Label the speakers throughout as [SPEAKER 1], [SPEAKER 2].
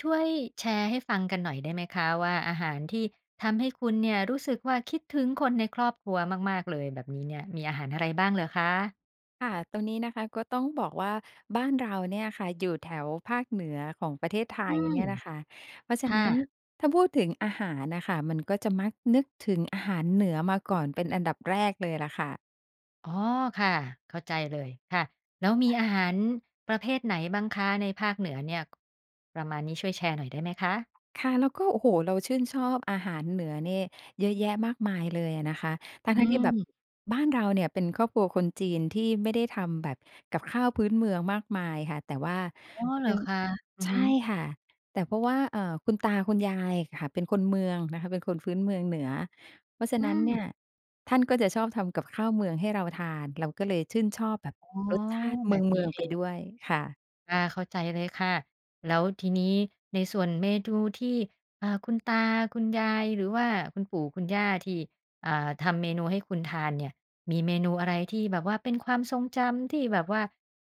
[SPEAKER 1] ช่วยแชร์ให้ฟังกันหน่อยได้ไหมคะว่า อาหารที่ทำให้คุณเนี่ยรู้สึกว่า คิดถึงคนในครอบครัวมาก ๆ เลย แบบนี้เนี่ย มีอาหารอะไรบ้างเหรอคะ?
[SPEAKER 2] ค่ะ ตรงนี้นะคะก็ต้องบอกว่าบ้านเราเนี่ยค่ะอยู่แถวภาคเหนือของประเทศไท
[SPEAKER 1] อื
[SPEAKER 2] ย
[SPEAKER 1] ม
[SPEAKER 2] เนี่ยน่ะค่ะ เพราะฉ
[SPEAKER 1] ค
[SPEAKER 2] ะ
[SPEAKER 1] ่
[SPEAKER 2] น
[SPEAKER 1] ะ
[SPEAKER 2] ั้นถ้าพูดถึงอาหารน่ะค่ะ มันก็จะมักนึกถึงอาหารเหนือมาก่อนเป็นอันดับแรกเลยล่ะค่ะ
[SPEAKER 1] อ๋อ ค่ะ เข้าใจเลย ค่ะ แล้วมี
[SPEAKER 2] ค่ะ
[SPEAKER 1] อาหารประเภทไหนบ้างคะในภาคเหนือเนี่ย ประมาณนี้ ช่วยแชร์หน่อยได้ไหมคะ?
[SPEAKER 2] ค่ะ แล้วก็ โอ้โฮ เราชื่นชอบอาหารเหนือนี่เยอะแยะมากมายเลยอะนะคะ ทั
[SPEAKER 1] อื
[SPEAKER 2] ้ง ๆ ที่แบบ
[SPEAKER 1] ม
[SPEAKER 2] บ้านเราเนี่ยเป็นครอบครัวคนจีนที่ไม่ได้ทำแบบกับข้าวพื้นเมืองมากมายค่ะ แต่ว่า
[SPEAKER 1] อ๋อ เห
[SPEAKER 2] เร
[SPEAKER 1] ร
[SPEAKER 2] ื
[SPEAKER 1] อ
[SPEAKER 2] ่อง
[SPEAKER 1] คะ? อือ
[SPEAKER 2] ใช
[SPEAKER 1] ฮ
[SPEAKER 2] ่
[SPEAKER 1] ึ
[SPEAKER 2] ค่ะ แต่ เพราะว่า เอ่อ คุณตาคุณยายอะค่ะเป็นคนเมืองนะคะ เป็นคนพื้นเมืองเหนือ เพราะฉะ
[SPEAKER 1] อื
[SPEAKER 2] นั้นเนี่
[SPEAKER 1] ม
[SPEAKER 2] ยท่านก็จะชอบทำกับข้าวเมืองให้เราทาน เราก็เลยชื่นชอบแบบ
[SPEAKER 1] อ๋อ
[SPEAKER 2] รสชาติเ
[SPEAKER 1] แบบ
[SPEAKER 2] ม
[SPEAKER 1] น
[SPEAKER 2] ื
[SPEAKER 1] ี้
[SPEAKER 2] อง
[SPEAKER 1] เ
[SPEAKER 2] ๆ
[SPEAKER 1] อ
[SPEAKER 2] ไป
[SPEAKER 1] ง
[SPEAKER 2] ด้วย ค่ะ
[SPEAKER 1] อา เข้าใจเลยค่ะ แล้วทีนี้ในส่วนเมนู ที่ อ่า คุณตาคุณยาย หรือว่าคุณปู่คุณย่าที่ อ่า ทำเมนูให้คุณทานเนี่ย มีเมนูอะไรที่แบบว่าเป็นความทรงจำที่แบบว่า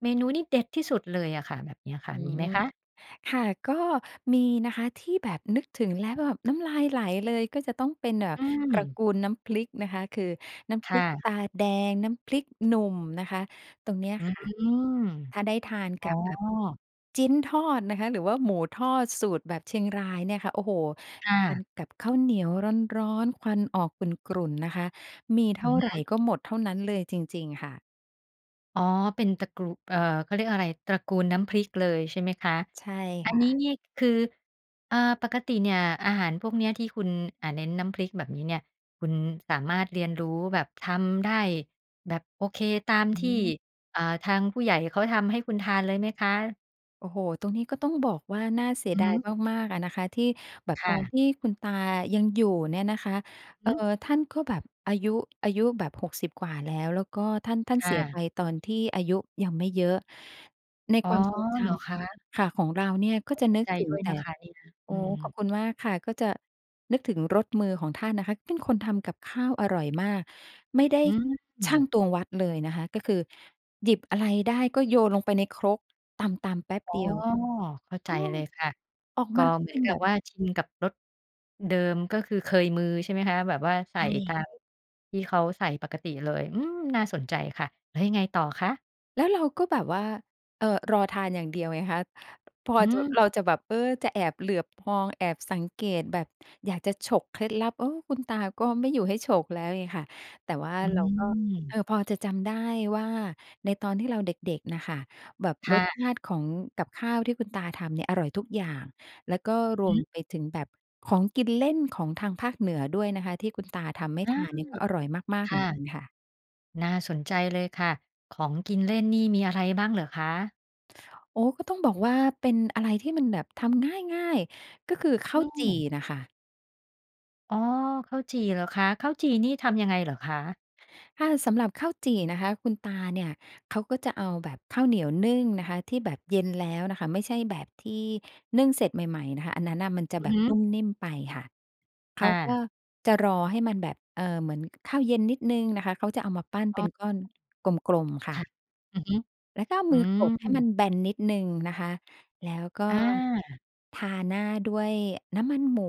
[SPEAKER 1] เมนูนี้เด็ดที่สุดเลยอะค่ะ แบบเนี้ยค
[SPEAKER 2] อ
[SPEAKER 1] ่
[SPEAKER 2] ื
[SPEAKER 1] ะ มีไห
[SPEAKER 2] ม
[SPEAKER 1] มคะ?
[SPEAKER 2] ค่ะ ก็มีนะคะที่แบบนึกถึงแล้วแบบน้ำลายไหลเลย ก็จะต้องเป็น เอ่อ
[SPEAKER 1] อื
[SPEAKER 2] ตระ
[SPEAKER 1] ม
[SPEAKER 2] กูลน้ำพริกนะคะ คือน้ำพ
[SPEAKER 1] ค
[SPEAKER 2] ร
[SPEAKER 1] ่
[SPEAKER 2] ิกต
[SPEAKER 1] ะ
[SPEAKER 2] าแดง น้ำพริกหนุ่มนะคะ ตรงเนี้ย
[SPEAKER 1] อื
[SPEAKER 2] ค่ะ
[SPEAKER 1] ม
[SPEAKER 2] ถ้าได้ทาน
[SPEAKER 1] อ๋
[SPEAKER 2] ก
[SPEAKER 1] อ
[SPEAKER 2] ับแบบจิ๊นทอดนะคะ หรือว่าหมูทอดสูตรแบบเชียงรายเนี่ยค่ะ โอ้โฮ
[SPEAKER 1] ค่
[SPEAKER 2] ทา
[SPEAKER 1] ะ
[SPEAKER 2] นกับข้าวเหนียวร้อน ๆ ควันออกกรุ่น ๆ นะคะ มีเท
[SPEAKER 1] อ
[SPEAKER 2] ่
[SPEAKER 1] ื
[SPEAKER 2] า
[SPEAKER 1] อฮ
[SPEAKER 2] ไร
[SPEAKER 1] ึ
[SPEAKER 2] ก็หมดเท่านั้นเลยจริง ๆ ค่ะ
[SPEAKER 1] อ๋อ เป็นตระกรู เอ่อ เขาเรียกอะไร ตระกูลน้ำพริกเลยใช่ไหมคะ
[SPEAKER 2] ใช่
[SPEAKER 1] อั
[SPEAKER 2] ค
[SPEAKER 1] น
[SPEAKER 2] ่
[SPEAKER 1] นี้
[SPEAKER 2] ะ
[SPEAKER 1] เนี้ยคือ อ่า ปกติเนี่ยอาหารพวกเนี้ยที่คุณ อ่า เน้นน้ำพริกแบบนี้เนี่ย คุณ ท สามารถเรียนรู้แบบ ทำได้แบบ โอเค ตาม
[SPEAKER 2] อื
[SPEAKER 1] ที่
[SPEAKER 2] ม
[SPEAKER 1] อ่า ทางผู้ใหญ่เขาทำให้คุณทานเลยไหมคะ?
[SPEAKER 2] โอ้โฮ ตรงนี้ก็ต้องบอกว่าน่าเสี
[SPEAKER 1] อ
[SPEAKER 2] ย
[SPEAKER 1] ือ
[SPEAKER 2] ดา
[SPEAKER 1] ฮ
[SPEAKER 2] ย
[SPEAKER 1] ึ
[SPEAKER 2] มาก ๆ อะนะคะ ที่แบบ
[SPEAKER 1] ค
[SPEAKER 2] ต
[SPEAKER 1] ่
[SPEAKER 2] อน
[SPEAKER 1] ะ
[SPEAKER 2] ที่คุณตายังอยู่เนี่ยนะคะ เอ่
[SPEAKER 1] ฮ
[SPEAKER 2] อ
[SPEAKER 1] ึ
[SPEAKER 2] ท่านก็แบบอายุ อายุแบบ 60 กว่าแล้ว แล้วก็ท่าน ท่าน
[SPEAKER 1] ค
[SPEAKER 2] เ
[SPEAKER 1] ่
[SPEAKER 2] สียไ
[SPEAKER 1] ะ
[SPEAKER 2] ปตอนที่อายุยังไม่เยอะ ใน
[SPEAKER 1] อ๋อ
[SPEAKER 2] ความทรงจ
[SPEAKER 1] เหรอคะ?
[SPEAKER 2] ำ ค่ะ ของเราเนี่ยก็
[SPEAKER 1] ต้อ
[SPEAKER 2] จ
[SPEAKER 1] ง
[SPEAKER 2] ะ
[SPEAKER 1] เสี
[SPEAKER 2] นึ
[SPEAKER 1] ย
[SPEAKER 2] ก
[SPEAKER 1] ใจ
[SPEAKER 2] ถึ
[SPEAKER 1] ด
[SPEAKER 2] ง
[SPEAKER 1] ้วย
[SPEAKER 2] แต่
[SPEAKER 1] นะคะเนี่ย
[SPEAKER 2] โอ
[SPEAKER 1] อ
[SPEAKER 2] ้
[SPEAKER 1] ื
[SPEAKER 2] ขอบ
[SPEAKER 1] ม
[SPEAKER 2] คุณมากค่ะ ก็จะนึกถึงรสมือของท่านนะคะ เป็นคนทำกับข้าวอร่อยมาก ไม่ได้
[SPEAKER 1] อื
[SPEAKER 2] ชั่ง
[SPEAKER 1] ม
[SPEAKER 2] ตวง วัด เลยนะคะ ก็คือหยิบอะไรได้ก็โยนลงไปในครก ตำ ๆ แป๊บ
[SPEAKER 1] อ๋อ
[SPEAKER 2] เดียว
[SPEAKER 1] เข้า
[SPEAKER 2] เ
[SPEAKER 1] ใ
[SPEAKER 2] อ
[SPEAKER 1] จ
[SPEAKER 2] อ
[SPEAKER 1] เลยค่ะ
[SPEAKER 2] ออก
[SPEAKER 1] ก
[SPEAKER 2] ม
[SPEAKER 1] ็
[SPEAKER 2] าก็
[SPEAKER 1] เหมื
[SPEAKER 2] เป
[SPEAKER 1] อ
[SPEAKER 2] ็
[SPEAKER 1] น
[SPEAKER 2] น
[SPEAKER 1] กั
[SPEAKER 2] แบ
[SPEAKER 1] บ
[SPEAKER 2] บ
[SPEAKER 1] ว่าชินกับรสเดิม ก็คือเคยมือใช่ไหมคะ แบบว่าใส
[SPEAKER 2] ใช
[SPEAKER 1] ่ตา
[SPEAKER 2] ่
[SPEAKER 1] มที่เขาใส่ปกติเลย อืม น่าสนใจค่ะ แล้วยังไงต่อคะ?
[SPEAKER 2] แล้วเราก็แบบว่า เอ่อ รอทานอย่างเดียวไงคะ พอ
[SPEAKER 1] อื
[SPEAKER 2] จะ
[SPEAKER 1] ม
[SPEAKER 2] เราจะแบบ เออ จะแอบเหลือบมอง แอบสังเกต แบบอยากจะฉกเคล็ดลับ เออ คุณตาก็ไม่อยู่ให้ฉกแล้วไงค่ะ แต่ว่า
[SPEAKER 1] อื
[SPEAKER 2] เราก็ เอ่
[SPEAKER 1] ม
[SPEAKER 2] อ พอจะจำได้ว่า ในตอนที่เราเด็ก ๆ น่ะค่ะ แบบ
[SPEAKER 1] ค
[SPEAKER 2] ร
[SPEAKER 1] ่
[SPEAKER 2] สช
[SPEAKER 1] ะ
[SPEAKER 2] าติของกับข้าวที่คุณตาทำเนี่ยอร่อยทุกอย่าง แล้วก็ร
[SPEAKER 1] ฮ
[SPEAKER 2] วม
[SPEAKER 1] ึ
[SPEAKER 2] ไปถึงแบบของกินเล่นของทางภาคเหนือด้วยนะคะ ที่คุณตาทำไม่
[SPEAKER 1] อื
[SPEAKER 2] ทา
[SPEAKER 1] ม
[SPEAKER 2] นเนี่ยก็อร่อยมาก ๆ
[SPEAKER 1] ค
[SPEAKER 2] เหมื
[SPEAKER 1] ่
[SPEAKER 2] อน
[SPEAKER 1] ะ
[SPEAKER 2] กันค่ะ
[SPEAKER 1] น่าสนใจเลยค่ะ ของกินเล่นนี่มีอะไรบ้างเหรอคะ?
[SPEAKER 2] โอ้ ก็ต้องบอกว่าเป็นอะไรที่มันแบบทำง๊ายง่าย ก็คือข
[SPEAKER 1] อ
[SPEAKER 2] ้า
[SPEAKER 1] ื
[SPEAKER 2] วจี่
[SPEAKER 1] ม
[SPEAKER 2] น่ะค่ะ
[SPEAKER 1] อ๋อ ข้าวจี่เหรอคะ ข้าวจี่นี่ทำยังไงเหรอคะ?
[SPEAKER 2] ค่ะ สำหรับข้าวจี่นะคะ คุณตาเนี่ยเขาก็จะเอาแบบข้าวเหนียวนึ่งนะคะที่แบบเย็นแล้วน่ะค่ะ ไม่ใช่แบบที่นึ่งเสร็จใหม่ ๆ นะคะ อันนั้นนะมันจะ
[SPEAKER 1] อื
[SPEAKER 2] แ
[SPEAKER 1] อ
[SPEAKER 2] บ
[SPEAKER 1] ฮ
[SPEAKER 2] บน
[SPEAKER 1] ึ
[SPEAKER 2] ุ่มนิ่มไปค่ะ เข
[SPEAKER 1] ค่
[SPEAKER 2] าก็
[SPEAKER 1] ะ
[SPEAKER 2] จะรอให้มันแบบ เอ่อ เหมือน ก ข้าวเย็นนิดหนึ่งนะคะ เขาจะเอามาปั้น
[SPEAKER 1] อ
[SPEAKER 2] เป็
[SPEAKER 1] ๋
[SPEAKER 2] นก้อน
[SPEAKER 1] อ
[SPEAKER 2] กลม ๆ ค
[SPEAKER 1] ค
[SPEAKER 2] ่
[SPEAKER 1] ่ะ
[SPEAKER 2] ะ
[SPEAKER 1] อือฮึ
[SPEAKER 2] แล้วก็เอา
[SPEAKER 1] อ
[SPEAKER 2] ม
[SPEAKER 1] ื
[SPEAKER 2] ือกดให้มัน
[SPEAKER 1] ม
[SPEAKER 2] แบนนิดหนึ่งนะคะ แล้วก็
[SPEAKER 1] อา
[SPEAKER 2] ทาหน้าด้วยน้ำมันหมู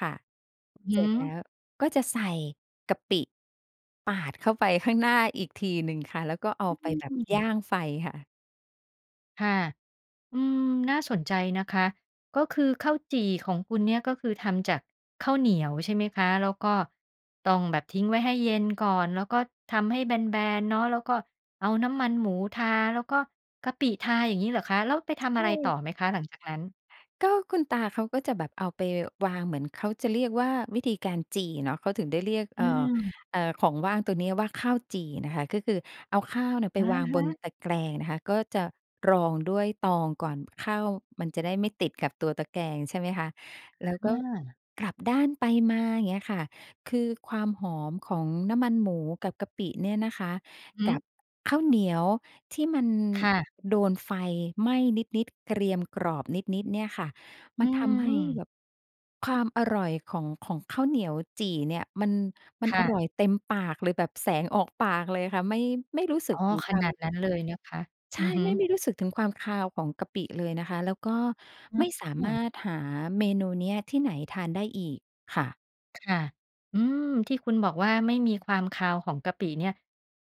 [SPEAKER 2] ค่ะ
[SPEAKER 1] อือ
[SPEAKER 2] เ
[SPEAKER 1] ฮ
[SPEAKER 2] สร็จแล้
[SPEAKER 1] ึ
[SPEAKER 2] วก็จะใส่กะปิปาดเข้าไปข้างหน้าอีกทีหนึ่งค่ะ แล้วก็เอาไปแบ
[SPEAKER 1] อ
[SPEAKER 2] บ
[SPEAKER 1] ื
[SPEAKER 2] ย
[SPEAKER 1] ม
[SPEAKER 2] ่างไฟค่ะ
[SPEAKER 1] ค่ะ อืม น่าสนใจนะคะ ก็คือข้าวจี่ของคุณเนี่ยก็คือทำจากข้าวเหนียว ใช่ไหมคะ แล้วก็ต้องแบบทิ้งไว้ให้เย็นก่อน แล้วก็ทำให้แบน ๆ เนาะ แล้วก็เอาน้ำมันหมูทา แล้วก็กะปิทา อย่างงี้เหรอคะ แล้วไปท
[SPEAKER 2] ใช
[SPEAKER 1] ำอ
[SPEAKER 2] ่
[SPEAKER 1] ะไรต่อไหมคะ หลังจากนั้น?
[SPEAKER 2] ก็คุณตาเขาก็จะแบบเอาไปวาง เหมือนเขาจะเรียกว่าวิธีการจี่เนาะ เขาถึงได้เรียก
[SPEAKER 1] อ
[SPEAKER 2] เอ่อ
[SPEAKER 1] ืม
[SPEAKER 2] เอ่อ ของว่างตัวนี้ว่าข้าวจี่น่ะค่ะ ก็คือเอาข้าวเนี่ยไป
[SPEAKER 1] อะ
[SPEAKER 2] วาง
[SPEAKER 1] ฮ
[SPEAKER 2] บน
[SPEAKER 1] ะ
[SPEAKER 2] ตะแกรงน่ะค่ะ ก็จะรองด้วยตองก่อน ข้าวมันจะได้ไม่ติดกับตัวตะแกรง ใช่ไหมคะ แล้ว
[SPEAKER 1] อ
[SPEAKER 2] ก็
[SPEAKER 1] า
[SPEAKER 2] กลับด้านไปมา อย่างเงี้ยค่ะ คือความหอมของน้ำมันหมูกับกะปิเนี่ยนะคะ
[SPEAKER 1] อือ
[SPEAKER 2] กั
[SPEAKER 1] ฮึ
[SPEAKER 2] บข้าวเหนียวที่มัน
[SPEAKER 1] ค่ะ
[SPEAKER 2] โดนไฟไหม้นิด ๆ เกรียมกรอบนิด ๆ เนี่ยค่ะ ม
[SPEAKER 1] อื
[SPEAKER 2] ันทำให้แ
[SPEAKER 1] ม
[SPEAKER 2] บบความอร่อยของ ของข้าวเหนียวจี่เนี่ย มัน มั
[SPEAKER 1] ค
[SPEAKER 2] น
[SPEAKER 1] ่
[SPEAKER 2] อร่อ
[SPEAKER 1] ะ
[SPEAKER 2] ยเต็มปากเลย แบบแสงออกปากเลยค่ะ ไม่ ไม่รู้สึ
[SPEAKER 1] อ
[SPEAKER 2] ก
[SPEAKER 1] ๋อ
[SPEAKER 2] ถึง
[SPEAKER 1] ข
[SPEAKER 2] ควา
[SPEAKER 1] นา
[SPEAKER 2] ม
[SPEAKER 1] ดนั้นเลยนะคะ
[SPEAKER 2] ใช
[SPEAKER 1] อื
[SPEAKER 2] ่
[SPEAKER 1] อฮ
[SPEAKER 2] ไม่
[SPEAKER 1] ึ
[SPEAKER 2] ไม่รู้สึกถึงความคาวของกะปิเลยนะคะ แล้วก็
[SPEAKER 1] อ
[SPEAKER 2] ไม่สา
[SPEAKER 1] ื
[SPEAKER 2] มา
[SPEAKER 1] อ
[SPEAKER 2] รถหาเมนูเนี้ยที่ไหนทานได้อีกค่ะ
[SPEAKER 1] ค่ะ อืม ที่คุณบอกว่า ไม่มีความคาวของกะปิเนี่ย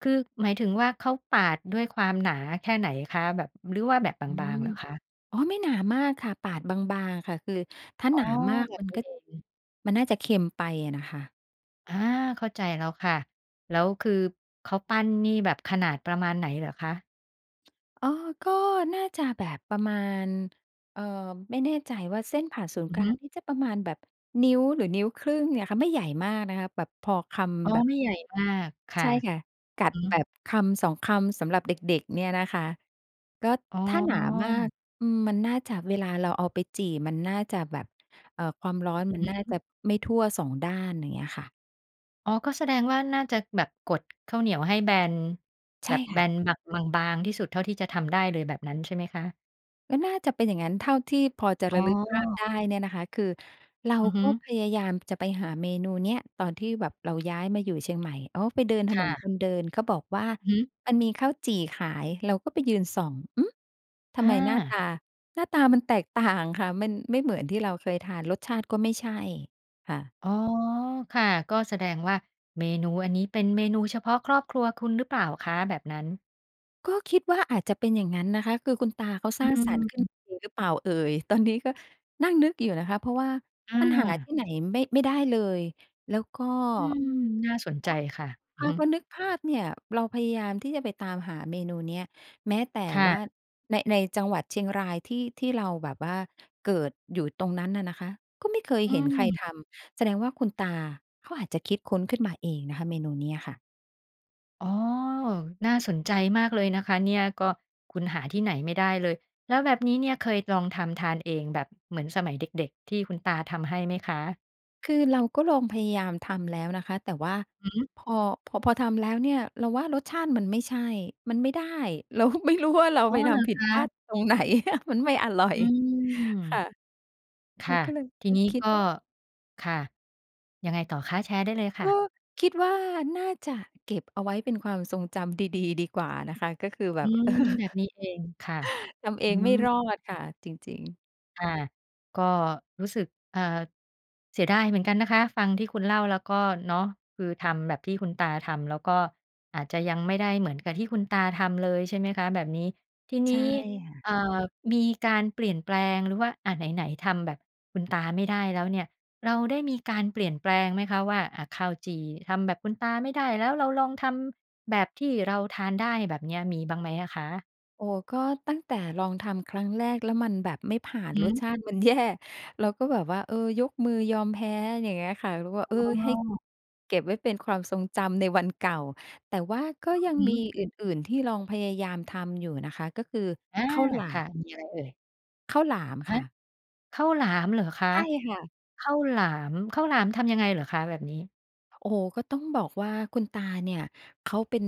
[SPEAKER 1] คือหมายถึงว่า เขาปาดด้วยความหนาแค่ไหนคะ? แบบหรือว่าแบบ
[SPEAKER 2] อื
[SPEAKER 1] บา
[SPEAKER 2] ม
[SPEAKER 1] ง ๆ เหรอคะ?
[SPEAKER 2] อ๋อ ไม่หนามากค่ะปาดบาง ๆ ค่ะ คือถ้า
[SPEAKER 1] อ๋
[SPEAKER 2] ห
[SPEAKER 1] อ
[SPEAKER 2] นามาก
[SPEAKER 1] แบ
[SPEAKER 2] ม
[SPEAKER 1] บ
[SPEAKER 2] ัน
[SPEAKER 1] นี
[SPEAKER 2] ก
[SPEAKER 1] ้
[SPEAKER 2] ็
[SPEAKER 1] เอง
[SPEAKER 2] มันน่าจะเค็มไปอะน่ะค่ะ
[SPEAKER 1] อา เข้าใจแล้วค่ะ แล้วคือเขาปั้นนี่แบบขนาดประมาณไหนเหรอคะ?
[SPEAKER 2] อ๋อ ก็น่าจะแบบประมาณ เอ่อ ไม่แน่ใจว่า เส้นผ่าศูนย
[SPEAKER 1] อ
[SPEAKER 2] ์
[SPEAKER 1] ื
[SPEAKER 2] ก
[SPEAKER 1] อ
[SPEAKER 2] ล
[SPEAKER 1] ฮ
[SPEAKER 2] า
[SPEAKER 1] ึ
[SPEAKER 2] งนี่จะประมาณ แบบนิ้ว หรือนิ้ว 1/2 เนี่ยค่ะไม่ใหญ่มากนะคะ แบบพอค
[SPEAKER 1] อ๋อ
[SPEAKER 2] ำแบบ
[SPEAKER 1] ไม่ใหญ่มากค
[SPEAKER 2] ใ
[SPEAKER 1] ่
[SPEAKER 2] ช
[SPEAKER 1] ะ
[SPEAKER 2] ่ค่ะ กั
[SPEAKER 1] อ
[SPEAKER 2] ด
[SPEAKER 1] ือฮ
[SPEAKER 2] แบ
[SPEAKER 1] ึ
[SPEAKER 2] บ 1-2 คำสำหรับเด็ก ๆ เนี่ยนะคะ ก็
[SPEAKER 1] อ๋
[SPEAKER 2] ถ้าหนามาก
[SPEAKER 1] อ
[SPEAKER 2] อืม มันน่าจะเวลาเราเอาไปจี่ มันน่าจะแบบ เอ่อ ความร้อนมั
[SPEAKER 1] อ
[SPEAKER 2] น
[SPEAKER 1] ื
[SPEAKER 2] น
[SPEAKER 1] อ
[SPEAKER 2] ่า
[SPEAKER 1] ฮึ
[SPEAKER 2] จะไม่ทั่ว 2 ด้าน อย่างเงี้ยค่ะ
[SPEAKER 1] อ๋อ ก็แสดงว่า น่าจะแบบกดข้าวเหนียวให้แบน
[SPEAKER 2] ใ
[SPEAKER 1] แ
[SPEAKER 2] ช
[SPEAKER 1] บ
[SPEAKER 2] ่
[SPEAKER 1] บ
[SPEAKER 2] ค
[SPEAKER 1] แบ
[SPEAKER 2] ่ะ
[SPEAKER 1] น แบบบาง ๆ ที่สุดเท่าที่จะทำได้เลย แบบนั้นใช่ไหมคะ?
[SPEAKER 2] ก็น่าจะเป็นอย่างงั้น เท่าที่พอจะ
[SPEAKER 1] อ
[SPEAKER 2] ร
[SPEAKER 1] ๋
[SPEAKER 2] ะ
[SPEAKER 1] อ
[SPEAKER 2] ลึกภาพได้เนี่ยนะคะ คือเรา
[SPEAKER 1] อือฮ
[SPEAKER 2] ก
[SPEAKER 1] ึ
[SPEAKER 2] ็พยายามจะไปหาเมนูเนี้ย ตอนที่แบบเราย้ายมาอยู่เชียงใหม่ อ๋อ ไปเดินถ
[SPEAKER 1] ค
[SPEAKER 2] น
[SPEAKER 1] ่
[SPEAKER 2] น
[SPEAKER 1] ะ
[SPEAKER 2] คนเดินเขาบอกว่า
[SPEAKER 1] อือฮึ
[SPEAKER 2] มันมีข้าวจี่ขาย เราก็ไปยืนส่อง อืม ทำ
[SPEAKER 1] อ
[SPEAKER 2] ไม หน้าต
[SPEAKER 1] า
[SPEAKER 2] า หน้าตามันแตกต่างค่ะ มันไม่เหมือนที่เราเคยทาน รสชาติก็ไม่ใช่ ค่ะ
[SPEAKER 1] อ๋อ ค่ะ ก็แสดงว่าเมนูอันนี้ เป็นเมนูเฉพาะครอบครัวคุณหรือเปล่าคะ แบบนั้น?
[SPEAKER 2] ก็คิดว่า อาจจะเป็นอย่างงั้นนะคะ คือคุณตาเขา
[SPEAKER 1] อ
[SPEAKER 2] ส
[SPEAKER 1] ื
[SPEAKER 2] ร้างสรรค์ขึ้น
[SPEAKER 1] ม
[SPEAKER 2] เองหรือเปล่าเอ่ย ตอนนี้ก็นั่งนึกอยู่นะคะ เพราะว่า
[SPEAKER 1] อ
[SPEAKER 2] มันหาท
[SPEAKER 1] า
[SPEAKER 2] ี่ไหนไม่ ไม่ได้เลย แล้วก็
[SPEAKER 1] อืม น่าสนใจค่ะ อื
[SPEAKER 2] อ่
[SPEAKER 1] อ
[SPEAKER 2] า
[SPEAKER 1] ฮึ
[SPEAKER 2] พอนึกภาพเนี่ย เราพยายามที่จะไปตามหาเมนูเนี้ย แม้แต่
[SPEAKER 1] ค่
[SPEAKER 2] ว่า
[SPEAKER 1] ะ
[SPEAKER 2] ใน ในจังหวัดเชียงรายที่ ที่เราแบบว่าเกิดอยู่ตรงนั้นน่ะนะคะ ก็ไม่เคย
[SPEAKER 1] อื
[SPEAKER 2] เห็นใคร
[SPEAKER 1] ม
[SPEAKER 2] ทำ แสดงว่าคุณตาเขาอาจจะคิดค้นขึ้นมาเองนะคะ เมนูเนี้ยค่ะ
[SPEAKER 1] อ๋อ น่าสนใจมากเลยนะคะเนี่ย ก็คุณหาที่ไหนไม่ได้เลย แล้วแบบนี้เนี่ยเคยลองทำทานเองแบบเหมือนสมัยเด็ก ๆ ที่คุณตาทำให้ไหมคะ?
[SPEAKER 2] คือเราก็ลองพยายามทำแล้วนะคะ แต่ว่า
[SPEAKER 1] อือฮึ
[SPEAKER 2] พอ พอ พอทำแล้วเนี่ย เราว่ารสชาติมันไม่ใช่ มันไม่ได้ เราไม่รู้ว่าเรา
[SPEAKER 1] อ๋อ
[SPEAKER 2] ไปท
[SPEAKER 1] เหรอ
[SPEAKER 2] ำผิ
[SPEAKER 1] ค
[SPEAKER 2] ดพลาด
[SPEAKER 1] ะ
[SPEAKER 2] ตรง ไหน มันไม่อร่อ
[SPEAKER 1] อ
[SPEAKER 2] ย
[SPEAKER 1] ืม
[SPEAKER 2] ค่ะ
[SPEAKER 1] ค
[SPEAKER 2] เรา
[SPEAKER 1] ่ะ
[SPEAKER 2] ก็เลย
[SPEAKER 1] ทีนี้
[SPEAKER 2] คิ
[SPEAKER 1] ก
[SPEAKER 2] ด
[SPEAKER 1] ็
[SPEAKER 2] ว่า
[SPEAKER 1] ค่ะ ยังไงต่อคะ? แชร์ได้เลยค่
[SPEAKER 2] ก
[SPEAKER 1] ะ
[SPEAKER 2] ็คิดว่าน่าจะเก็บเอาไว้เป็นความทรงจำดี ๆ ดีกว่านะคะ ก็คือแบ
[SPEAKER 1] อื
[SPEAKER 2] บ
[SPEAKER 1] ม แบบนี้เองค่ะ
[SPEAKER 2] ทำเอ
[SPEAKER 1] อื
[SPEAKER 2] งไม่
[SPEAKER 1] ม
[SPEAKER 2] รอดค่ะ จริง ๆ
[SPEAKER 1] ค่ะ ก็รู้สึก เอ่อ เสียดายเหมือนกันนะคะ ฟังที่คุณเล่าแล้วก็เนาะ คือทำแบบที่คุณตาทำ แล้วก็อาจจะยังไม่ได้เหมือนกับที่คุณตาทำเลย ใช่ไหมคะ แบบนี้ทีน
[SPEAKER 2] ใช่
[SPEAKER 1] ี้
[SPEAKER 2] ค่ะ
[SPEAKER 1] เอ่อ มีการเปลี่ยนแปลง หรือว่า อ่า ไหน ๆ ทำแบบคุณตาไม่ได้แล้วเนี่ย เราได้มีการเปลี่ยนแปลงไหมคะว่า อ่า ข้าวจี่ทำแบบคุณตาไม่ได้ แล้วเราลองทำแบบที่เราทานได้ แบบเนี้ย มีบ้างไหมอะคะ?
[SPEAKER 2] โอ้โฮ ก็ตั้งแต่ลองทำครั้งแรกแล้วมันแบบไม่ผ่าน
[SPEAKER 1] อือ
[SPEAKER 2] ร
[SPEAKER 1] ฮ
[SPEAKER 2] ส
[SPEAKER 1] ึ
[SPEAKER 2] ชาติมัน แย่ เราก็แบบว่า เออ ยกมือยอมแพ้ อย่างเงี้ยค่ะ เราก็
[SPEAKER 1] อ๋
[SPEAKER 2] เออ ให้
[SPEAKER 1] อ
[SPEAKER 2] เก็บไว้เป็นความทรงจำในวันเก่า แต่ว่าก็
[SPEAKER 1] อื
[SPEAKER 2] ย
[SPEAKER 1] อ
[SPEAKER 2] ัง
[SPEAKER 1] ฮ
[SPEAKER 2] มี
[SPEAKER 1] ึ
[SPEAKER 2] อื่น ๆ ที่ลองพยายามทำอยู่นะคะ ก็คือ
[SPEAKER 1] อา
[SPEAKER 2] ข้าวหลา
[SPEAKER 1] ค่ะ
[SPEAKER 2] ม
[SPEAKER 1] มีอะไรเอ่ย?
[SPEAKER 2] ข้าวหลาม
[SPEAKER 1] ฮ
[SPEAKER 2] ค
[SPEAKER 1] ะ
[SPEAKER 2] ่ะ
[SPEAKER 1] ข้าวหลามเหรอคะ?
[SPEAKER 2] ใช่ค่ะ
[SPEAKER 1] ข้าวหลาม ข้าวหลามทำยังไงเหรอคะแบบนี้?
[SPEAKER 2] โอ้โฮ ก็ต้องบอกว่าคุณตาเนี่ยเขาเป็น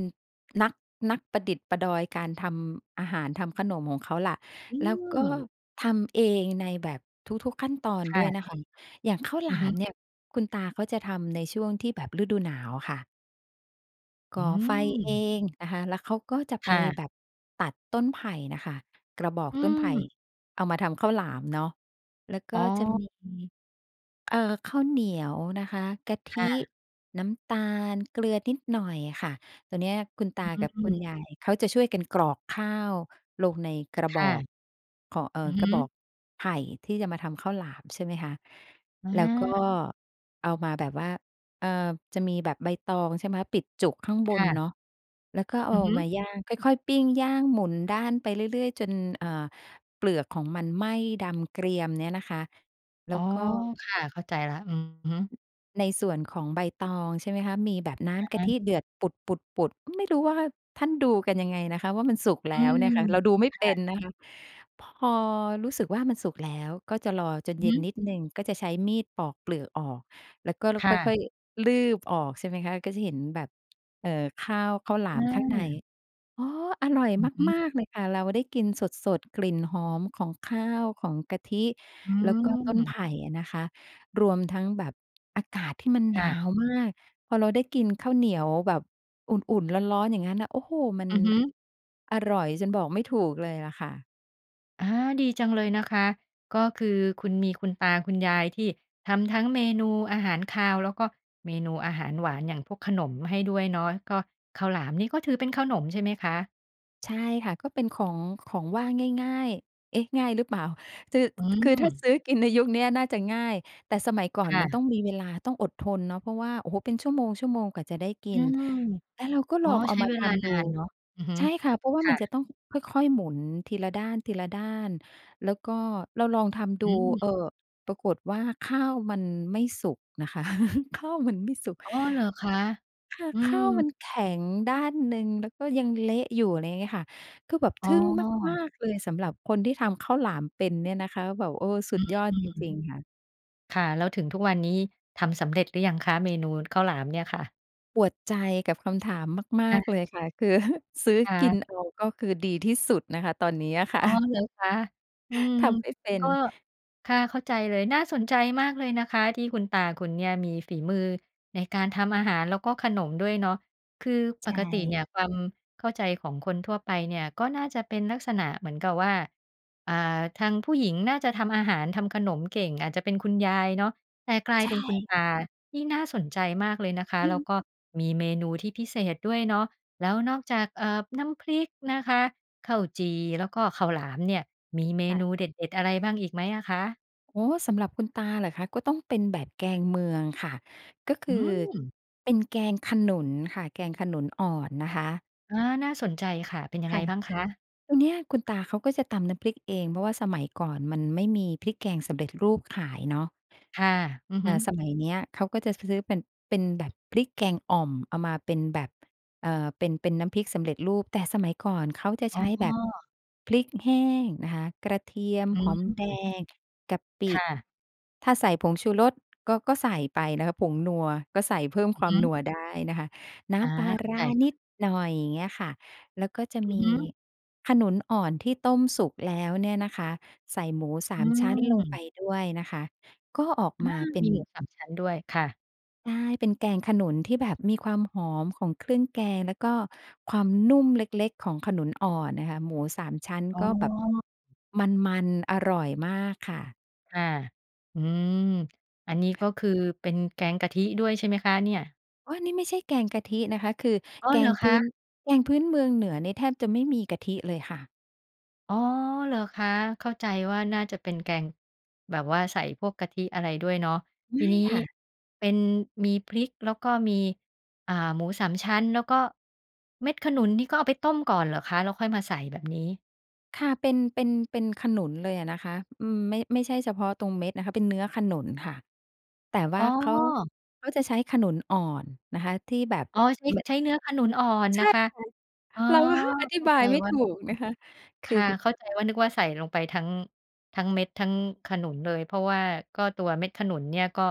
[SPEAKER 2] นัก นักประดิษฐ์ประดอยการทำอาหาร ทำขนมของเขาล่ะ
[SPEAKER 1] อื
[SPEAKER 2] แล้วก็
[SPEAKER 1] ม
[SPEAKER 2] ทำเองในแบบทุก ๆ ขั้นตอน
[SPEAKER 1] ค
[SPEAKER 2] ด
[SPEAKER 1] ่
[SPEAKER 2] ้วยน
[SPEAKER 1] ะ
[SPEAKER 2] ะคะ อย่างข้าวห
[SPEAKER 1] อ
[SPEAKER 2] ล
[SPEAKER 1] ือ
[SPEAKER 2] า
[SPEAKER 1] ฮึ
[SPEAKER 2] มเนี่ยคุณตาเขาจะทำในช่วงที่แบบฤดูหนาวค่ะ
[SPEAKER 1] อ
[SPEAKER 2] ก
[SPEAKER 1] ื
[SPEAKER 2] ่อไฟเอ
[SPEAKER 1] ม
[SPEAKER 2] งนะคะ แล้วเขาก็จะไป
[SPEAKER 1] ค่ะ
[SPEAKER 2] แบบตัดต้นไผ่น่ะค่ะ กระบอก
[SPEAKER 1] อื
[SPEAKER 2] ต้นไผ่
[SPEAKER 1] ม
[SPEAKER 2] เอามาทำข้าวหลามเนาะ แล้วก็
[SPEAKER 1] อ๋
[SPEAKER 2] จะม
[SPEAKER 1] อ
[SPEAKER 2] ี เอ่อ ข้าวเหนียวนะคะ กะท
[SPEAKER 1] ค
[SPEAKER 2] ิ
[SPEAKER 1] ่ะ
[SPEAKER 2] น้ำตาล เกลือนิดหน่อยค่ะ ตอนเนี้ยคุณตากับ
[SPEAKER 1] อื
[SPEAKER 2] คุณ
[SPEAKER 1] อ
[SPEAKER 2] ยายเขาจะช่วยกันกรอกข้าวลงในกระ
[SPEAKER 1] ค
[SPEAKER 2] บ
[SPEAKER 1] ่ะ
[SPEAKER 2] อกของ เอ
[SPEAKER 1] อื
[SPEAKER 2] อ
[SPEAKER 1] อฮ
[SPEAKER 2] กระบ
[SPEAKER 1] ึ
[SPEAKER 2] อกไผ่ที่จะมาทำข้าวหลาม ใช่ไหมคะ
[SPEAKER 1] อ
[SPEAKER 2] แล้วก็
[SPEAKER 1] า
[SPEAKER 2] เอามาแบบว่า เออ จะมีแบบใบตอง ใช่ไหม ปิดจุกข้างบ
[SPEAKER 1] ค
[SPEAKER 2] น
[SPEAKER 1] ่
[SPEAKER 2] เน
[SPEAKER 1] ะ
[SPEAKER 2] าะ แล้วก็เอ
[SPEAKER 1] อ
[SPEAKER 2] า
[SPEAKER 1] ือฮึ
[SPEAKER 2] มาย่าง ค่อย ๆ ปิ้งย่างหมุนด้านไปเรื่อย ๆ จน เอ่อ เปลือกของมันไหม้ดำเกรียมเนี้ยนะคะ แล้
[SPEAKER 1] อ๋
[SPEAKER 2] ว
[SPEAKER 1] อ
[SPEAKER 2] ก็
[SPEAKER 1] ค่ะ เข้าใจละ อือฮึ
[SPEAKER 2] ในส่วนของใบตอง ใช่ไหมคะ มีแบบน้
[SPEAKER 1] อะ
[SPEAKER 2] ำก
[SPEAKER 1] ฮ
[SPEAKER 2] ะท
[SPEAKER 1] ะ
[SPEAKER 2] ิเดือดปุด ๆ ๆ ไม่รู้ว่าท่านดูกันยังไงนะคะว่า มันสุก
[SPEAKER 1] อ
[SPEAKER 2] แล
[SPEAKER 1] ื
[SPEAKER 2] ้วเนี
[SPEAKER 1] ม
[SPEAKER 2] ่ยค่ะ เราดูไม่
[SPEAKER 1] ค
[SPEAKER 2] เป
[SPEAKER 1] ่
[SPEAKER 2] ็
[SPEAKER 1] ะ
[SPEAKER 2] นนะคะ พอรู้สึกว่ามันสุกแล้ว ก็จะรอจน
[SPEAKER 1] อื
[SPEAKER 2] เ
[SPEAKER 1] อฮ
[SPEAKER 2] ย็น
[SPEAKER 1] ึ
[SPEAKER 2] นิดหนึ่ง ก็จะใช้มีดปอกเปลือกออก แล้วก็ ล
[SPEAKER 1] ค
[SPEAKER 2] ค
[SPEAKER 1] ่
[SPEAKER 2] ่
[SPEAKER 1] ะ
[SPEAKER 2] อย ๆ ลืบออก ใช่ไหมคะ ก็จะเห็นแบบ เอ่อ ข้าว ข้าวหล
[SPEAKER 1] อ
[SPEAKER 2] ามข้างใน
[SPEAKER 1] า
[SPEAKER 2] อ๋อ อร่อย
[SPEAKER 1] อือฮึ
[SPEAKER 2] มาก ๆ เลยค่ะ เราได้กินสด ๆ กลิ่นหอมของข้าว ของกะทิ
[SPEAKER 1] อื
[SPEAKER 2] แล้วก็ต้นไผ
[SPEAKER 1] ม
[SPEAKER 2] ่อะนะคะ รวมทั้งแบบอากาศที่มันห
[SPEAKER 1] ค
[SPEAKER 2] น
[SPEAKER 1] ่
[SPEAKER 2] า
[SPEAKER 1] ะ
[SPEAKER 2] วมาก พอเราได้กินข้าวเหนียวแบบอุ่น ๆ ร้อน ๆ อย่างงั้นนะ โอ้โฮ มัน
[SPEAKER 1] อือฮึ
[SPEAKER 2] อร่อยจนบอกไม่ถูกเลยล่ะค่ะ
[SPEAKER 1] อา ดีจังเลยนะคะ ก็คือคุณมีคุณตาคุณยายที่ทำทั้งเมนูอาหารคาว แล้วก็เมนูอาหารหวาน อย่างพวกขนมให้ด้วยเนาะ ก็ข้าวหลามนี่ก็ถือเป็นขนมใช่ไหมคะ?
[SPEAKER 2] ใช่ค่ะ ก็เป็นของ ของว่างง่าย ๆ เอ๊ะ ง่ายหรือเปล่า คือ
[SPEAKER 1] อื
[SPEAKER 2] คือถ้า
[SPEAKER 1] อ
[SPEAKER 2] ซื้อกินในยุคเนี้ยน่าจะง่าย แต่สมัยก่อ
[SPEAKER 1] ค
[SPEAKER 2] น
[SPEAKER 1] ่
[SPEAKER 2] มัน
[SPEAKER 1] ะ
[SPEAKER 2] ต้องมีเวลา ต้องอดทนเนาะ เพราะว่า โอ้โฮ เป็นชั่วโมง ๆ กว่าจะได้กิ
[SPEAKER 1] อื
[SPEAKER 2] น
[SPEAKER 1] ม
[SPEAKER 2] แล้วเราก็
[SPEAKER 1] อ๋
[SPEAKER 2] ล
[SPEAKER 1] อ
[SPEAKER 2] องเอ
[SPEAKER 1] ใช
[SPEAKER 2] า
[SPEAKER 1] ้
[SPEAKER 2] มา
[SPEAKER 1] เว
[SPEAKER 2] ท
[SPEAKER 1] ลา
[SPEAKER 2] ำด
[SPEAKER 1] น
[SPEAKER 2] ู
[SPEAKER 1] านเนาะ อือฮึ
[SPEAKER 2] ใช่ค่ะ เพราะว่า
[SPEAKER 1] ค
[SPEAKER 2] ม
[SPEAKER 1] ่
[SPEAKER 2] ันจ
[SPEAKER 1] ะ
[SPEAKER 2] ะต้องค่อย ๆ หมุน ทีละด้าน ๆ แล้วก็เราลองทำดู
[SPEAKER 1] อื
[SPEAKER 2] เ
[SPEAKER 1] อ
[SPEAKER 2] อ่อ ปรากฏว่าข้าวมันไม่สุกน่ะค่ะ ข้าวมันไม่สุก
[SPEAKER 1] อ๋อ เหรอคะ?
[SPEAKER 2] ค่ะ
[SPEAKER 1] อื
[SPEAKER 2] ข้าว
[SPEAKER 1] ม
[SPEAKER 2] มันแข็งด้านหนึ่ง แล้วก็ยังเละอยู่ อะไรเงี้ยค่ะ คือแบบ
[SPEAKER 1] อ๋
[SPEAKER 2] ท
[SPEAKER 1] อ
[SPEAKER 2] ึ่งมาก ๆ เลย สำหรับคนที่ทำข้าวหลามเป็นเนี่ยนะคะ แบบ เออ ส
[SPEAKER 1] อ
[SPEAKER 2] ุดยอด
[SPEAKER 1] ื
[SPEAKER 2] จ
[SPEAKER 1] ม
[SPEAKER 2] ริง ๆ ค่ะ
[SPEAKER 1] ค่ะ แล้วถึงทุกวันนี้ทำสำเร็จหรือยังคะ เมนูข้าวหลามเนี่ยค่ะ?
[SPEAKER 2] ปวดใจกับคำถามม
[SPEAKER 1] ค
[SPEAKER 2] า
[SPEAKER 1] ่
[SPEAKER 2] ก ๆ
[SPEAKER 1] ะ
[SPEAKER 2] เลยค่ะ คือซื้อ
[SPEAKER 1] ค่
[SPEAKER 2] กิ
[SPEAKER 1] ะ
[SPEAKER 2] นเอาก็คือดีที่สุดนะคะตอนนี้อะค่
[SPEAKER 1] อ
[SPEAKER 2] ะ
[SPEAKER 1] ๋อ เหรอคะ? อืม
[SPEAKER 2] ทำไม่เป็
[SPEAKER 1] ก
[SPEAKER 2] น
[SPEAKER 1] ็ ค่ะ เข้าใจเลย น่าสนใจมากเลยนะคะ ที่คุณตาคุณเนี่ยมีฝีมือในการทำอาหาร แล้วก็ขนมด้วยเนาะ คือ
[SPEAKER 2] ใ
[SPEAKER 1] ป
[SPEAKER 2] ช
[SPEAKER 1] กติเนี่
[SPEAKER 2] ่
[SPEAKER 1] ยความเข้าใจของคนทั่วไปเนี่ย ก็น่าจะเป็นลักษณะเหมือนกับว่า อ่า ทางผู้หญิงน่าจะทำอาหาร ทำขนมเก่ง อาจจะเป็นคุณยายเนาะ แต่กลาย
[SPEAKER 2] ใช
[SPEAKER 1] เ
[SPEAKER 2] ่
[SPEAKER 1] ป็นคุณต
[SPEAKER 2] ค่ะ
[SPEAKER 1] า นี่น่าสนใจมากเลยนะคะ
[SPEAKER 2] อื
[SPEAKER 1] แ
[SPEAKER 2] อ
[SPEAKER 1] ล้
[SPEAKER 2] ฮ
[SPEAKER 1] ว
[SPEAKER 2] ึ
[SPEAKER 1] ก็มีเมนูที่พิเศษด้วยเนาะ แล้วนอกจาก เอ่อ น้ำพริกนะคะ ข้าวจี่ แล้วก็ข้าวหลามเนี่ย มีเม
[SPEAKER 2] ค่
[SPEAKER 1] น
[SPEAKER 2] ะ
[SPEAKER 1] ูเด็ด ๆ อะไรบ้างอีกไหมอะคะ?
[SPEAKER 2] อ๋อ สำหรับคุณตาเหรอคะ ก็ต้องเป็นแบบแกงเมืองค่ะ ก็ค
[SPEAKER 1] อื
[SPEAKER 2] ือ
[SPEAKER 1] ม
[SPEAKER 2] เป็นแกงขนุนค่ะ แกงขนุนอ่อนนะคะ
[SPEAKER 1] อา น่าสนใจค่ะ เป็นยัง
[SPEAKER 2] ค
[SPEAKER 1] ไง
[SPEAKER 2] ่ะ
[SPEAKER 1] บ้างคะ?
[SPEAKER 2] ตรงเนี้ยคุณตาเขาก็จะตำน้ำพริกเอง เพราะว่าสมัยก่อนมันไม่มีพริกแกงสำเร็จรูปขายเนาะ
[SPEAKER 1] ค่ะ อือ
[SPEAKER 2] เ
[SPEAKER 1] ฮ
[SPEAKER 2] อ
[SPEAKER 1] ึ
[SPEAKER 2] ่อ สมัยเนี้ย เขาก็จะ ซ ซื้อเป็น เป็นแบบพริกแกงอ่อม เอามาเป็นแบบ เอ่อ เป็น เป็นน้ำพริกสำเร็จรูป แต่สมัยก่อนเขาจะ
[SPEAKER 1] อ
[SPEAKER 2] ใ
[SPEAKER 1] ๋
[SPEAKER 2] ช้แบบ
[SPEAKER 1] อ
[SPEAKER 2] พริกแห้งนะคะ กระเทียม
[SPEAKER 1] อื
[SPEAKER 2] หอมแด
[SPEAKER 1] ม
[SPEAKER 2] ง กะป
[SPEAKER 1] ค
[SPEAKER 2] ิ
[SPEAKER 1] ่ะ
[SPEAKER 2] ถ้าใส่ผงชูรสก็ ก็ใส่ไปนะคะ ผงนัว ก็ใส่เพิ่ม
[SPEAKER 1] อื
[SPEAKER 2] ค
[SPEAKER 1] อ
[SPEAKER 2] วา
[SPEAKER 1] ฮ
[SPEAKER 2] มน
[SPEAKER 1] ึ
[SPEAKER 2] ัวได้นะคะ น้
[SPEAKER 1] อา
[SPEAKER 2] ำปลา
[SPEAKER 1] เข้า
[SPEAKER 2] ร
[SPEAKER 1] ใ
[SPEAKER 2] ้
[SPEAKER 1] จ
[SPEAKER 2] า
[SPEAKER 1] ค่ะ
[SPEAKER 2] นิดหน่อย เงี้ยค่ะ แล้วก็จะ
[SPEAKER 1] อื
[SPEAKER 2] ม
[SPEAKER 1] อฮ
[SPEAKER 2] ี
[SPEAKER 1] ึ
[SPEAKER 2] ขนุนอ่อนที่ต้มสุกแล้วเนี่ยนะคะ ใส่หมูส
[SPEAKER 1] อ
[SPEAKER 2] า
[SPEAKER 1] ื
[SPEAKER 2] มชั้นลงไป
[SPEAKER 1] ม
[SPEAKER 2] ด้วยนะคะ ก็ออก
[SPEAKER 1] อา
[SPEAKER 2] มาเป็
[SPEAKER 1] ม
[SPEAKER 2] น
[SPEAKER 1] ีหมูสามชั้นด้วย ค่ะ
[SPEAKER 2] ใช่ เป็นแกงขนุนที่แบบมีความหอมของเครื่องแกง แล้วก็ความนุ่มเล็ก ๆ ของขนุนอ่อนนะคะ หมูสามชั้น
[SPEAKER 1] อ๋
[SPEAKER 2] ก็แบบ
[SPEAKER 1] อ
[SPEAKER 2] มัน ๆ อร่อยมากค่ะ
[SPEAKER 1] ค่ะ อืม อันนี้ก็คือเป็นแกงกะทิด้วยใช่ไหมคะเนี่ย?
[SPEAKER 2] อ้อ นี่ไม่ใช่แกงกะทินะคะ คือ
[SPEAKER 1] อ้อ
[SPEAKER 2] แก
[SPEAKER 1] เหร
[SPEAKER 2] ง
[SPEAKER 1] อ
[SPEAKER 2] พ
[SPEAKER 1] ค
[SPEAKER 2] ื้
[SPEAKER 1] ะ?
[SPEAKER 2] น แกงพื้นเมืองเหนือนี่แทบจะไม่มีกะทิเลยค่ะ
[SPEAKER 1] อ๋อ เหรอคะ เข้าใจว่าน่าจะเป็นแกงแบบว่าใส่พวกกะทิอะไรด้วยเนาะ
[SPEAKER 2] ไ
[SPEAKER 1] ท
[SPEAKER 2] ม
[SPEAKER 1] ี
[SPEAKER 2] ่
[SPEAKER 1] นี้
[SPEAKER 2] ค่ะ
[SPEAKER 1] เป็นมีพริก แล้วก็มี อ่า หมูสามชั้น แล้วก็เม็ดขนุนนี่ก็เอาไปต้มก่อนเหรอคะ แล้วค่อยมาใส่แบบนี้?
[SPEAKER 2] ค่ะ เป็น เป็น เป็นขนุนเลยอะนะคะ อืม ไม่ ไม่ใช่เฉพาะตรงเม็ดนะคะ เป็นเนื้อขนุนค่ะ แต่ว
[SPEAKER 1] อ
[SPEAKER 2] ่
[SPEAKER 1] ๋
[SPEAKER 2] าเขา
[SPEAKER 1] อ
[SPEAKER 2] เขาจะใช้ขนุนอ่อนนะคะ ที่แบบ
[SPEAKER 1] อ๋อ ใช้
[SPEAKER 2] ม
[SPEAKER 1] ใช้เนื้อขนุนอ่อน
[SPEAKER 2] ใช
[SPEAKER 1] น
[SPEAKER 2] ่
[SPEAKER 1] ะ
[SPEAKER 2] ค่ะ
[SPEAKER 1] คะ อ๋อ
[SPEAKER 2] เราก็ ฮะ อธิ
[SPEAKER 1] เข้า
[SPEAKER 2] บา
[SPEAKER 1] ใจ
[SPEAKER 2] ยไม่
[SPEAKER 1] ว่
[SPEAKER 2] ถ
[SPEAKER 1] า
[SPEAKER 2] ูกนะคะ ค
[SPEAKER 1] ค
[SPEAKER 2] ือ
[SPEAKER 1] ่ะ
[SPEAKER 2] ฮ
[SPEAKER 1] เข้าใจว่า นึกว่าใส่ลงไปทั้ง ทั้งเม็ด ทั้งขนุนเลย เพราะว่าก็ตัวเม็ดขนุนเนี่ยก็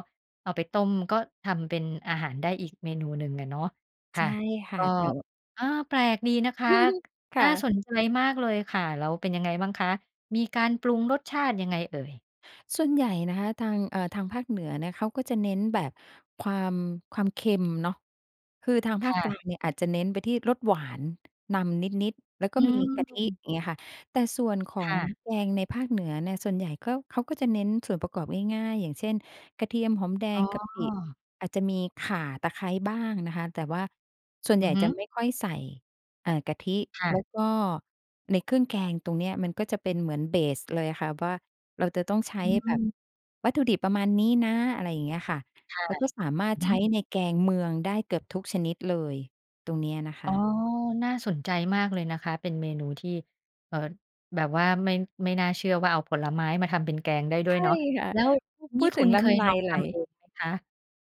[SPEAKER 1] เอาไปต้ม ก็ทำเป็นอาหารได้อีกเมนูหนึ่งอะเนาะ ค
[SPEAKER 2] ใช
[SPEAKER 1] ่ะ
[SPEAKER 2] ่ค
[SPEAKER 1] ก
[SPEAKER 2] ่ะ
[SPEAKER 1] ็
[SPEAKER 2] แต่ ว
[SPEAKER 1] อา แปลกดีนะคะ
[SPEAKER 2] ค
[SPEAKER 1] น่
[SPEAKER 2] ่
[SPEAKER 1] า
[SPEAKER 2] ะ
[SPEAKER 1] สนใจมากเลยค่ะ แล้วเป็นยังไงบ้างคะ มีการปรุงรสชาติยังไงเอ่ย?
[SPEAKER 2] ส่วนใหญ่นะคะ ทาง เอ่อ ทางภาคเหนือเนี่ย เขาก็จะเน้นแบบความ ความเค็มเนาะ คือทางภ
[SPEAKER 1] ค
[SPEAKER 2] าค
[SPEAKER 1] ่
[SPEAKER 2] ก
[SPEAKER 1] ะ
[SPEAKER 2] ลางเนี่ย อาจจะเน้นไปที่รสหวานนำนิด ๆ แล้วก
[SPEAKER 1] อ
[SPEAKER 2] ็
[SPEAKER 1] ื
[SPEAKER 2] มีกะทิ
[SPEAKER 1] ม
[SPEAKER 2] เงี้ยค่ะ แต่ส่วนขอ
[SPEAKER 1] ค
[SPEAKER 2] ง
[SPEAKER 1] ่ะ
[SPEAKER 2] แกงในภาคเหนือเนี่ย ส่วนใหญ่ก็ เขาก็จะเน้นส่วนประกอบง่าย ๆ อย่างเช่น กระเทียม หอมแด
[SPEAKER 1] อ๋
[SPEAKER 2] ง
[SPEAKER 1] อ
[SPEAKER 2] กะปิ อาจจะมีข่า ตะไคร้บ้างนะคะ แต่ว่าส่วนใ
[SPEAKER 1] อ
[SPEAKER 2] หญ
[SPEAKER 1] ื
[SPEAKER 2] ่
[SPEAKER 1] อฮึ
[SPEAKER 2] จะไม่ค่อยใส่ เอ่อ กะทิ
[SPEAKER 1] ค่
[SPEAKER 2] แล้
[SPEAKER 1] ะ
[SPEAKER 2] วก็ในเครื่องแกงตรงเนี้ย มันก็จะเป็นเหมือน เบส เลยอะค่ะว่า เราจะต้องใช
[SPEAKER 1] อ
[SPEAKER 2] ้
[SPEAKER 1] ื
[SPEAKER 2] แบบ
[SPEAKER 1] ม
[SPEAKER 2] วัตถุดิบประมาณนี้นะ อะไรอย่างเงี้ยค่ะ
[SPEAKER 1] ค่ะ
[SPEAKER 2] แล้วก็สามาร
[SPEAKER 1] อื
[SPEAKER 2] ถ
[SPEAKER 1] อฮ
[SPEAKER 2] ใ
[SPEAKER 1] ึ
[SPEAKER 2] ช้ ในแกงเมือง ได้เกือบทุกชนิดเลย ตรงเนี้ยนะค
[SPEAKER 1] อ๋อ
[SPEAKER 2] ะ
[SPEAKER 1] น่าสนใจมากเลยนะคะ เป็นเมนูที่ เอ่อ แบบว่าไม่ ไม่น่าเชื่อว่าเอาผลไม้มาทำเป็นแกงได้ด
[SPEAKER 2] ใ
[SPEAKER 1] ้
[SPEAKER 2] ช
[SPEAKER 1] วย
[SPEAKER 2] ่
[SPEAKER 1] เนาะ
[SPEAKER 2] ค่ะ
[SPEAKER 1] แล้ว
[SPEAKER 2] พ
[SPEAKER 1] นี
[SPEAKER 2] ู
[SPEAKER 1] ่
[SPEAKER 2] ด
[SPEAKER 1] ค
[SPEAKER 2] ถ
[SPEAKER 1] ุ
[SPEAKER 2] ึง
[SPEAKER 1] ณ
[SPEAKER 2] แล้
[SPEAKER 1] เค
[SPEAKER 2] วน
[SPEAKER 1] ย
[SPEAKER 2] ้ำลา
[SPEAKER 1] ลอ
[SPEAKER 2] ย
[SPEAKER 1] ง
[SPEAKER 2] ไห
[SPEAKER 1] ท
[SPEAKER 2] ล
[SPEAKER 1] ำเองไหมคะ?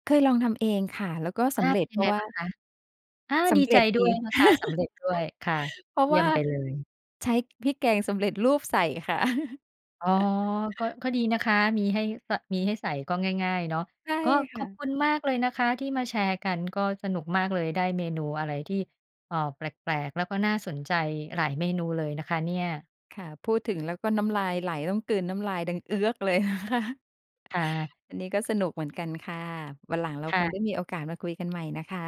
[SPEAKER 2] เคยลองทำเองค่ะ แล้วก็ส
[SPEAKER 1] อา
[SPEAKER 2] ำเร็
[SPEAKER 1] เป็
[SPEAKER 2] จ
[SPEAKER 1] น
[SPEAKER 2] เ
[SPEAKER 1] ยั
[SPEAKER 2] พ
[SPEAKER 1] ง
[SPEAKER 2] ร
[SPEAKER 1] ไ
[SPEAKER 2] า
[SPEAKER 1] ง
[SPEAKER 2] ะว่
[SPEAKER 1] บ้
[SPEAKER 2] า
[SPEAKER 1] างคะ? อา
[SPEAKER 2] ส
[SPEAKER 1] ดี
[SPEAKER 2] ำเ
[SPEAKER 1] ใ
[SPEAKER 2] ร
[SPEAKER 1] จ
[SPEAKER 2] ็จ
[SPEAKER 1] ด
[SPEAKER 2] ด
[SPEAKER 1] ้ว
[SPEAKER 2] ี
[SPEAKER 1] ยนะคะ สำเร็จด้วยค่ะ
[SPEAKER 2] เพราะ
[SPEAKER 1] เย
[SPEAKER 2] ว
[SPEAKER 1] ี่
[SPEAKER 2] ่
[SPEAKER 1] ย
[SPEAKER 2] า
[SPEAKER 1] มไปเลย
[SPEAKER 2] ใช้พริกแกงสำเร็จรูปใส่ค่ะ
[SPEAKER 1] อ๋อ ก็ ก็ดีนะคะ มีให้สะ มีให้ใส่ ก็ง่าย ๆ เนาะ
[SPEAKER 2] ใช่
[SPEAKER 1] ก็
[SPEAKER 2] ค
[SPEAKER 1] ข
[SPEAKER 2] ่
[SPEAKER 1] อบ
[SPEAKER 2] ะ
[SPEAKER 1] คุณมากเลยนะคะที่มาแชร์กัน ก็สนุกมากเลย ได้เมนูอะไรที่ เอ่อ แปลก ๆ แล้วก็น่าสนใจหลายเมนูเลยนะคะเนี่ย
[SPEAKER 2] ค่ะ พูดถึงแล้วก็น้ำลายไหล ต้องกลืนน้ำลายดังเอื้อกเลย
[SPEAKER 1] ค่ะ
[SPEAKER 2] อันนี้ก็สนุกเหมือนกันค่ะ วันหลังเรา
[SPEAKER 1] ค่
[SPEAKER 2] คง
[SPEAKER 1] ะ
[SPEAKER 2] ได้มีโอกาสมาคุยกันใหม่นะคะ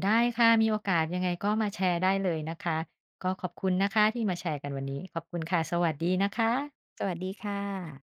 [SPEAKER 1] ได้ค่ะ มีโอกาสยังไงก็มาแชร์ได้เลยนะคะ ก็ขอบคุณนะคะ ที่มาแชร์กันวันนี้ ขอบคุณค่ะ สวัสดีนะคะ
[SPEAKER 2] สวัสดีค่ะ